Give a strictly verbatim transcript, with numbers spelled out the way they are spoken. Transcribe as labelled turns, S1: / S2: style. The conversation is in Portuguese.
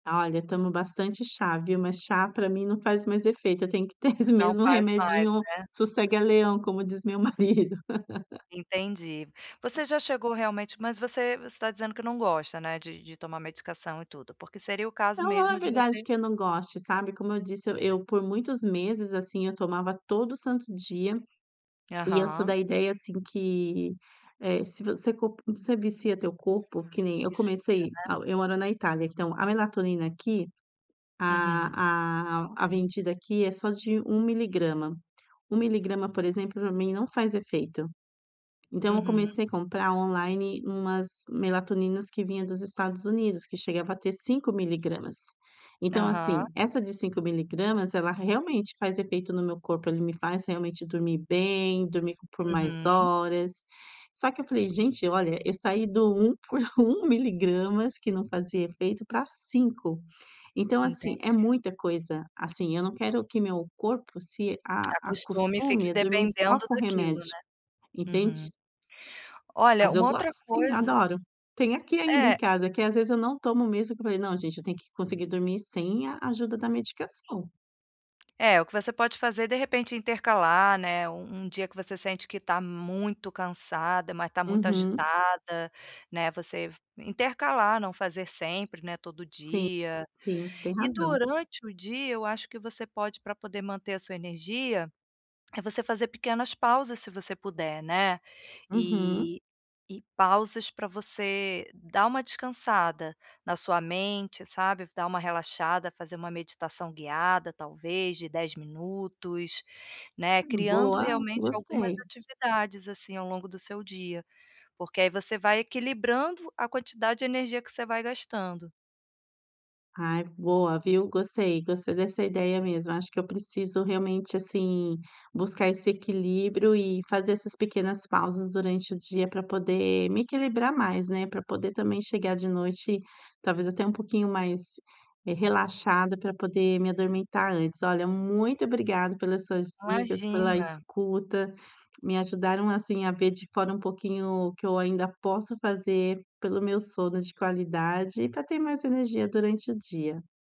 S1: Olha, eu tomo bastante chá, viu? Mas chá pra mim não faz mais efeito, eu tenho que ter esse
S2: Não
S1: mesmo
S2: faz mais,
S1: remedinho
S2: né?
S1: sossega leão, como diz meu marido.
S2: Entendi. Você
S1: Tá.
S2: já chegou realmente mas você, você tá dizendo que não gosta, né, de de tomar medicação e tudo, porque seria o caso
S1: Não, não
S2: mesmo
S1: é
S2: de
S1: verdade
S2: você
S1: que eu não goste, sabe? Como eu disse, eu por muitos meses assim eu tomava todo santo dia e eu sou
S2: Aham.
S1: da ideia, assim, que, eh, se você co se você vicia o teu corpo Que nem, eu
S2: Vicia,
S1: comecei, ah,
S2: né?
S1: eu moro na Itália, então a melatonina aqui,
S2: Uhum.
S1: a a a vendida aqui, é só de um miligrama. um miligrama, por exemplo, pra mim não faz efeito. Então, eu
S2: Uhum.
S1: comecei a comprar online, umas melatonina que vinha dos Estados Unidos, que chegava a ter cinco miligramas. Então
S2: Aham.
S1: assim, essa de cinco miligramas, ela realmente faz efeito no meu corpo, ele me faz realmente dormir bem, dormir por mais
S2: Uhum.
S1: horas. Só que eu falei: "Gente, olha, eu saí do um por um miligramas que não fazia efeito pra cinco. Então, assim, é
S2: Entendi.
S1: muita coisa, assim, eu não quero que meu corpo se a
S2: Acostume e
S1: acostume
S2: fique
S1: a dormir só
S2: dependendo
S1: com
S2: daquilo,
S1: remédio,
S2: né? Uhum.
S1: entende?
S2: Olha
S1: Mas eu
S2: uma
S1: gosto
S2: outra
S1: sim,
S2: coisa
S1: adoro. Tem aqui ainda em
S2: É
S1: casa que, às vezes, eu não tomo mesmo que eu falei: "Não gente, eu tenho que conseguir dormir sem a ajuda da medicação".
S2: É, o que você pode fazer de repente, intercalar, né? Um um dia que você sente que tá muito cansada, mas tá muito
S1: Uhum.
S2: agitada, né, você intercalar, não fazer sempre, né, todo
S1: Sim,
S2: dia.
S1: sim. Você tem
S2: E
S1: razão.
S2: durante o dia, eu acho que você pode pra poder manter a sua energia, eh, você fazer pequenas pausas se você puder, né?
S1: Uhum.
S2: E e pausas pra você dar uma descansada na sua mente, sabe? Dar uma relaxada, fazer uma meditação guiada, talvez de dez minutos, né,
S1: Hum,
S2: criando
S1: boa!
S2: realmente algumas
S1: Gostei.
S2: atividades, assim, ao longo do seu dia. Porque aí, você vai equilibrando a quantidade de energia que você vai gastando.
S1: Ai, boa, viu? Gostei, gostei dessa ideia mesmo. Acho que eu preciso realmente, assim, buscar esse equilíbrio e fazer essas pequenas pausas durante o dia pra poder me equilibrar mais, né, pra poder também chegar de noite talvez até um pouquinho mais, eh, relaxada pra poder me adormitar antes. Olha, muito obrigada pelas suas dicas, pela
S2: Imagina.
S1: escuta, me ajudaram, assim, a ver de fora um pouquinho o que eu ainda posso fazer pelo meu sono de qualidade e pra ter mais energia durante o dia.